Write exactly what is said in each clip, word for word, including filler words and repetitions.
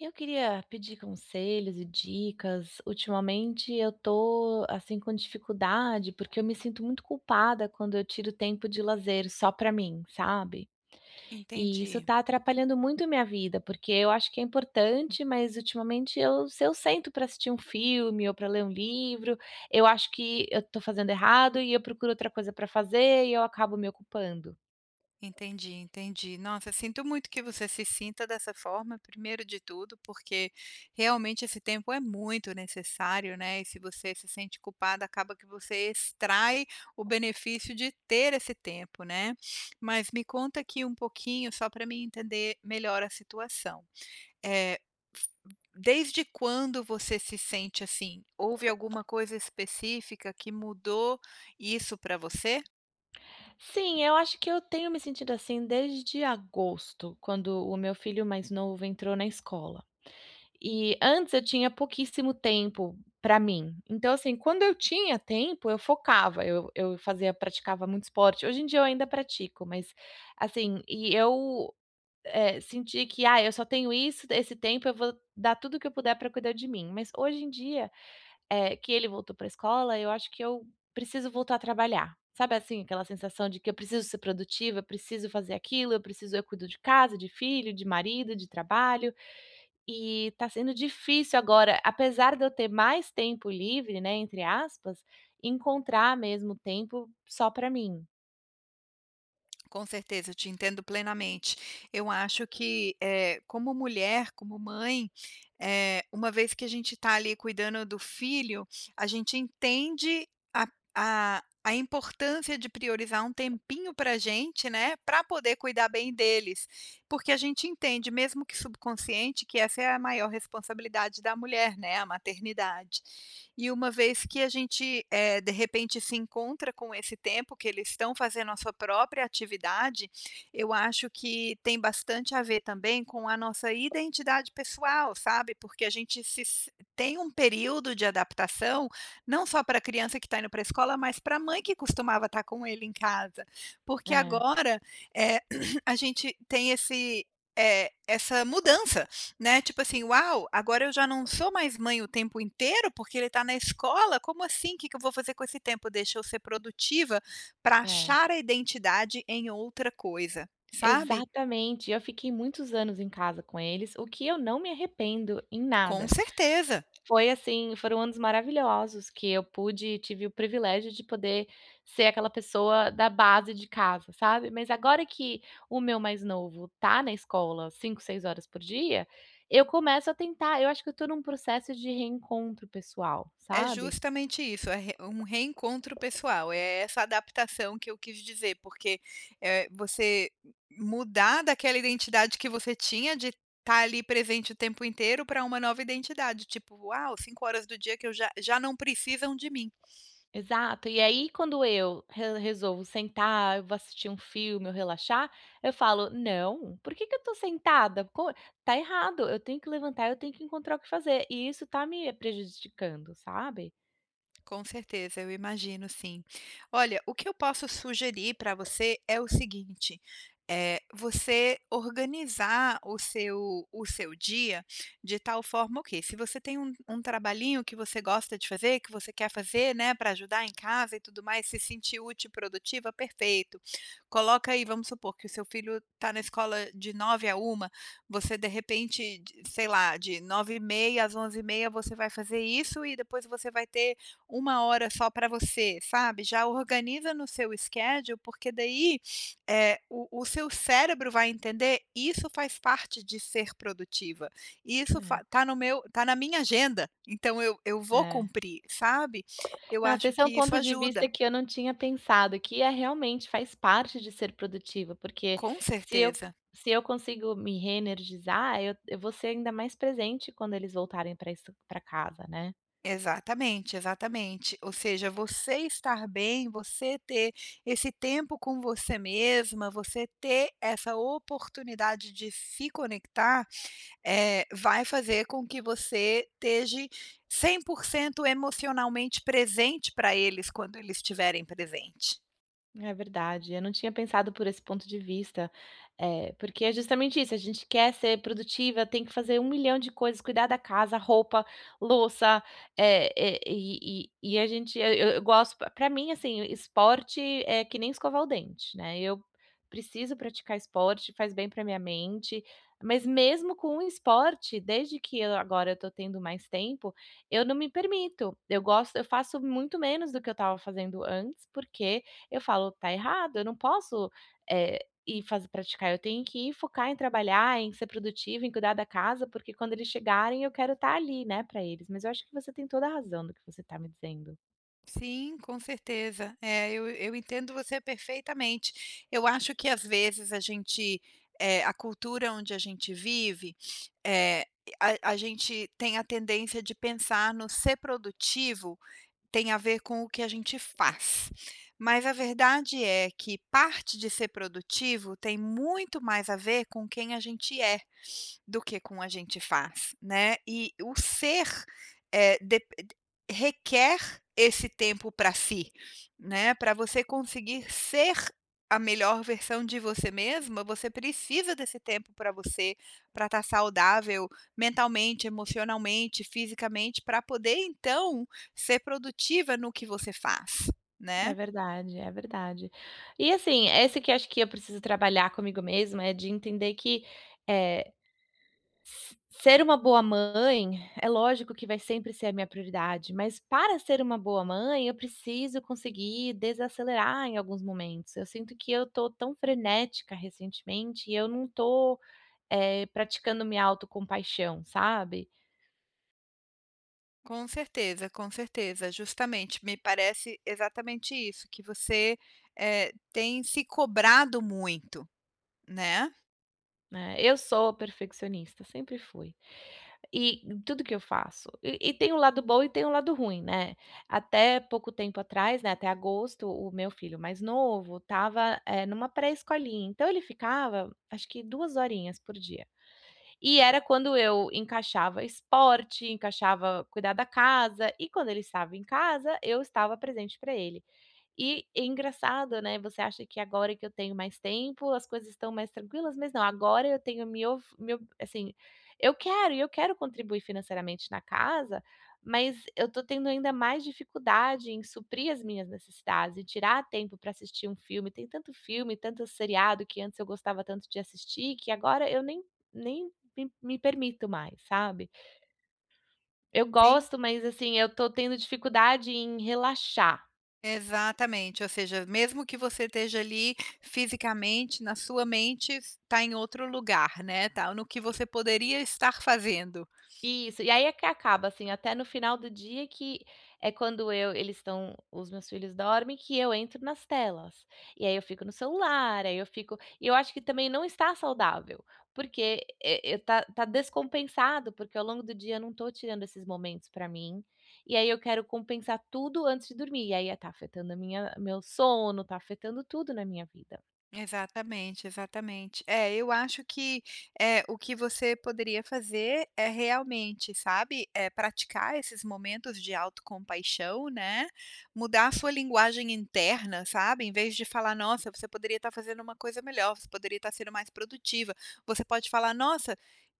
Eu queria pedir conselhos e dicas. Ultimamente eu tô, assim, com dificuldade, porque eu me sinto muito culpada quando eu tiro tempo de lazer só para mim, sabe, e isso Entendi. está atrapalhando muito a minha vida, porque eu acho que é importante, mas ultimamente eu se eu sento para assistir um filme ou para ler um livro, eu acho que eu estou fazendo errado e eu procuro outra coisa pra fazer e eu acabo me ocupando. Entendi, entendi, nossa, sinto muito que você se sinta dessa forma, primeiro de tudo, porque realmente esse tempo é muito necessário, né. E se você se sente culpada, acaba que você extrai o benefício de ter esse tempo, né. Mas me conta aqui um pouquinho, só para mim entender melhor a situação. Eh, f desde quando você se sente assim? Houve alguma coisa específica que mudou isso para você? Sim, eu acho que eu tenho me sentido assim desde agosto, quando o meu filho mais novo entrou na escola, e antes eu tinha pouquíssimo tempo para mim. Então, assim, quando eu tinha tempo, eu focava, eu eu fazia praticava muito esporte. Hoje em dia eu ainda pratico, mas, assim, e eu, eh, senti que, "ah, eu só tenho isso esse tempo eu vou dar tudo o que eu puder pra cuidar de mim", mas hoje em dia, eh, que ele voltou pra escola, eu acho que eu preciso voltar a trabalhar. Sabe, assim, aquela sensação de que eu preciso ser produtiva, eu preciso fazer aquilo, eu preciso Eu cuido de casa, de filho, de marido, de trabalho, e tá sendo difícil agora, apesar de eu ter "mais tempo livre", né, entre aspas, encontrar mesmo tempo só pra mim. Com certeza, eu te entendo plenamente. Eu acho que, eh, como mulher, como mãe, eh, uma vez que a gente tá ali cuidando do filho, a gente entende a a a importância de priorizar um tempinho pra a gente, né, pra poder cuidar bem deles, porque a gente entende, mesmo que subconsciente, que essa é a maior responsabilidade da mulher, né, a maternidade. E uma vez que a gente, eh, de repente, se encontra com esse tempo que eles estão fazendo a sua própria atividade. Eu acho que tem bastante a ver também com a nossa identidade pessoal, sabe, porque a gente se s tem um período de adaptação, não só para a criança que tá indo para a escola, mas pra a mãe que costumava estar com ele em casa porque É. agora, eh, a gente tem esse, eh, essa mudança, né, tipo assim: "Uau! Agora eu já não sou mais mãe o tempo inteiro, porque ele está na escola. Como assim? Que que eu vou fazer com esse tempo? Deixa eu ser produtiva pra É. achar a identidade em outra coisa." Sabe? Exatamente, eu fiquei muitos anos em casa com eles, o que eu não me arrependo em Com nada. certeza. Foi assim, foram anos maravilhosos que eu pude tive o privilégio de poder ser aquela pessoa da base de casa, sabe? Mas agora que o meu mais novo tá na escola cinco, seis horas por dia, eu começo a tentar eu acho que eu tô num processo de reencontro pessoal, É sabe. justamente isso é re um reencontro pessoal. É essa adaptação que eu quis dizer porque, eh, você mudar daquela identidade que você tinha de tá ali presente o tempo inteiro pra uma nova identidade, tipo uau, cinco horas do dia que eu já já não precisam de mim. Exato. E aí, quando eu re resolvo sentar, eu vou assistir um filme, ou relaxar, eu falo: "Não, por que que eu tô sentada? Pô, tá errado. Eu tenho que levantar, eu tenho que encontrar o que fazer." E isso tá me prejudicando, sabe? Com certeza, eu imagino sim. Olha, o que eu posso sugerir para você é o seguinte, eh, você organizar o seu o seu dia de tal forma ok, se você tem um um trabalhinho que você gosta de fazer, que você quer fazer, né, pra ajudar em casa e tudo mais, se sentir útil e produtiva, perfeito. Coloca aí, vamos supor, que o seu filho está na escola de nove da manhã à uma da tarde, você de repente de sei lá, de nove e meia da manhã às onze e meia da manhã, você vai fazer isso, e depois você vai ter uma hora só para você, sabe. Já organiza no seu schedule, porque daí, eh, o o seu cérebro vai entender: "Isso faz parte de ser produtiva. Isso fa É. está no meu tá na minha agenda. Então eu eu vou É. cumprir", sabe? Eu Nossa, acho esse é um que isso ponto de ajuda. vista que eu não tinha pensado, que é realmente, faz parte de ser produtiva, porque Com se eu certeza. se eu consigo me reenergizar, eu eu vou ser ainda mais presente quando eles voltarem pra isso pra casa, né? Exatamente, exatamente. Ou seja, você estar bem, você ter esse tempo com você mesma, você ter essa oportunidade de se conectar, eh, vai fazer com que você teje cem por cento emocionalmente presente para eles, quando eles estiverem presente. É verdade, eu não tinha pensado por esse ponto de vista. Eh, porque é justamente isso. A gente quer ser produtiva, tem que fazer um milhão de coisas, cuidar da casa, roupa, louça, eh eh, e e e a gente eu eu eu gosto pra mim, assim, esporte é que nem escovar o dente, né? Eu preciso praticar esporte, faz bem para a minha mente, mas mesmo com um esporte, desde que, eh, agora eu tô tendo mais tempo, eu não me permito. Eu gosto eu faço muito menos do que eu tava fazendo antes, porque eu falo: "Tá errado, eu não posso, eh, e faz praticar. Eu tenho que focar em trabalhar, em ser produtiva, em cuidar da casa, porque quando eles chegarem, eu quero tá ali, né, pra eles". Mas eu acho que você tem toda a razão do que você tá me dizendo. Sim, com certeza, eh, eu eu entendo você perfeitamente. Eu acho que às vezes a gente, eh, a cultura onde a gente vive, eh, a a gente tem a tendência de pensar no ser produtivo, tem a ver com o que a gente faz, mas a verdade é que parte de ser produtivo tem muito mais a ver com quem a gente é, do que com a gente faz, né? E o ser, eh, dep requer esse tempo para si, né, pra você conseguir ser a melhor versão de você mesma, você precisa desse tempo para você, para tá saudável mentalmente, emocionalmente, fisicamente, pra poder então ser produtiva no que você faz, É né? verdade, é verdade, e assim, esse que eu acho que eu preciso trabalhar comigo mesmo, é de entender que, eh. Se ser uma boa mãe, é lógico que vai sempre ser a minha prioridade, mas para ser uma boa mãe, eu preciso conseguir desacelerar em alguns momentos. Eu sinto que eu estou tão frenética recentemente, e eu não tô, eh, praticando minha auto compaixão, sabe? Com certeza, com certeza, justamente, me parece exatamente isso, que você, eh, tem se cobrado muito, né? Né? Eu sou perfeccionista, sempre fui, e tudo que eu faço, e e tem o lado bom e tem o lado ruim, né. Até pouco tempo atrás, né, até agosto, o meu filho mais novo estava, eh, numa pré-escolinha, então ele ficava, acho que duas horinhas por dia, e era quando eu encaixava esporte, encaixava cuidar da casa, e quando ele estava em casa, eu estava presente pra ele. E e engraçado, né, você acha que agora que eu tenho mais tempo, as coisas estão mais tranquilas, mas não. Agora eu tenho mio fi meu assim, e eu quero e eu quero contribuir financeiramente na casa, mas eu tô tendo ainda mais dificuldade em suprir as minhas necessidades e tirar tempo pra assistir um filme, tem tanto filme, tanto seriado que antes eu gostava tanto de assistir, que agora eu nem nem me me permito mais, sabe? Eu Sim. gosto, mas assim eu estou tendo dificuldade em relaxar. Exatamente, ou seja, mesmo que você esteja ali fisicamente, na sua mente, tá em outro lugar, né, tá no que E você poderia estar fazendo. Isso, e aí é que acaba, assim, Hã. até no final do dia, que é quando eu eles estão os meus filhos dormem, que eu entro nas telas e aí eu fico no celular. Aí eu fico e eu acho que também não está saudável, porque e tá tá descompensado, porque ao longo do dia eu não estou tirando esses momentos pra mim. E aí eu quero compensar tudo antes de dormir. E aí tá afetando a minha meu sono, tá afetando tudo na minha vida. Exatamente, exatamente. É, eu acho que, eh, o que você poderia fazer, é realmente, sabe, eh, praticar esses momentos de autocompaixão, né, mudar a sua linguagem interna, sabe, em vez de falar: "Nossa, você poderia estar fazendo uma coisa melhor. Você poderia estar sendo mais produtiva". Você pode falar :"Nossa,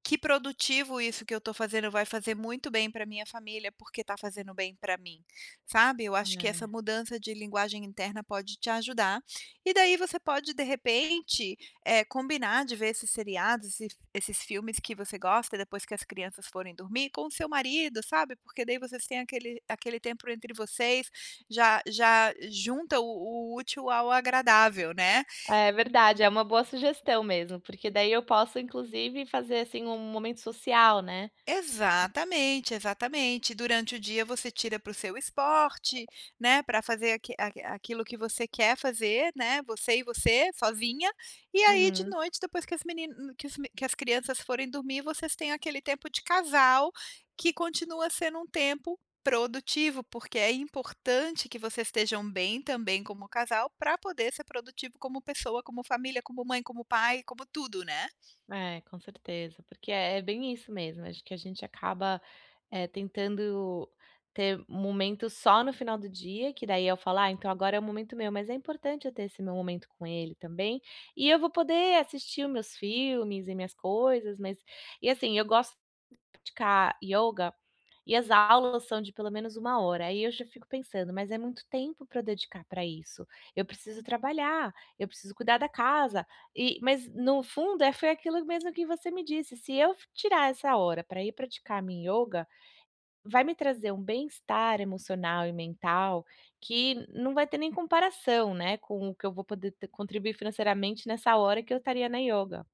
que produtivo isso que eu estou fazendo, vai fazer muito bem para a minha família, porque está fazendo bem pra mim", sabe? Eu acho que essa É. mudança de linguagem interna pode te ajudar e daí você pode, de repente, eh, combinar de ver esses seriados, e esses esses filmes que você gosta e depois que as crianças forem dormir com o seu marido, sabe, porque daí vocês têm aquele aquele tempo entre vocês, já já junta o o útil ao agradável, né? É verdade, é uma boa sugestão mesmo, porque daí eu posso, inclusive fazer, assim, um momento social, né? Co Exatamente, exatamente, durante o dia você tira para o seu esporte, né, pra fazer aqui a aquilo que você quer fazer, né, você e você, sozinha. E aí de Uhum. noite, depois que as menin que os me que as crianças forem dormir, vocês têm aquele tempo de casal, que continua sendo um tempo produtivo, porque é importante que vocês estejam bem também como casal, pra poder ser produtivo como pessoa, como família, como mãe, como pai, como tudo, né? É, com certeza, porque é é bem isso mesmo. Acho que a gente acaba, eh, tentando ter um momento só no final do dia, que daí eu falo: "Ah, então agora é o momento meu", mas é importante eu ter esse meu momento com ele também. E eu vou poder assistir o meus filmes e minhas coisas, mas e assim eu gosto de praticar ioga. E as aulas são de pelo menos uma hora. Aí eu já fico pensando, mas é muito tempo pra dedicar pra isso. Eu preciso trabalhar, eu preciso cuidar da casa e mas no fundo é foi aquilo mesmo que você me disse, se eu f tirar essa hora pra ir praticar minha ioga, vai me trazer um bem-estar emocional e mental que não vai ter nem comparação, né, com o que eu vou t poder contribuir financeiramente nessa hora que eu estaria na ioga.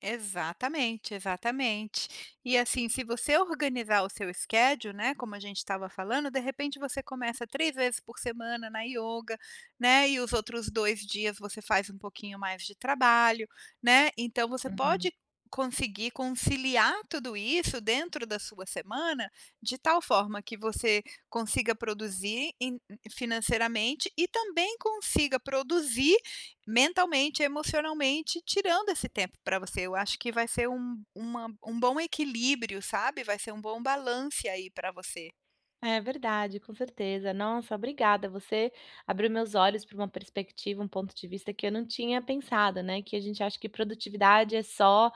Exatamente, exatamente. E assim, se você organizar o seu schedule, né? Como a gente estava falando, de repente, você começa três vezes por semana na ioga, né? E os outros dois dias você faz um pouquinho mais de trabalho, né? Então você Uhum. pode conseguir conciliar tudo isso dentro da sua semana, de tal forma que você consiga produzir em financeiramente e também consiga produzir mentalmente, emocionalmente, tirando esse tempo para você. Eu acho que vai ser um uma um bom equilíbrio, sabe? Vai ser um bom balance aí para você. É verdade, com certeza, nossa obrigada. Você abriu meus olhos para uma perspectiva, um ponto de vista que eu não tinha pensado, né. Que a gente acha que produtividade é só,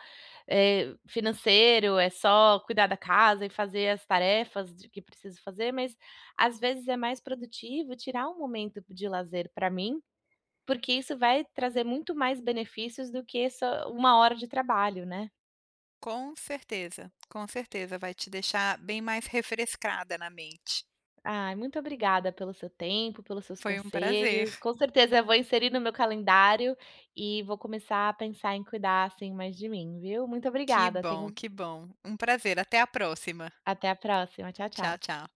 eh, financeiro, é só cuidar da casa e fazer as tarefas de que preciso fazer. Mas às vezes é mais produtivo tirar um momento b de lazer pra mim, porque isso vai trazer muito mais benefícios do que só uma hora de trabalho, né? Com certeza, com certeza vai te deixar bem mais refrescada na mente. Ai, muito obrigada pelo seu tempo, pelos seus Foi um prazer. conselhos. Com certeza eu vou inserir no meu calendário e vou começar a pensar em cuidar, assim, mais de mim, viu. Muito Que obrigada, tenha bom, um que bom, um prazer até a próxima. Até a próxima. Tchau, Tchau, tchau. tchau.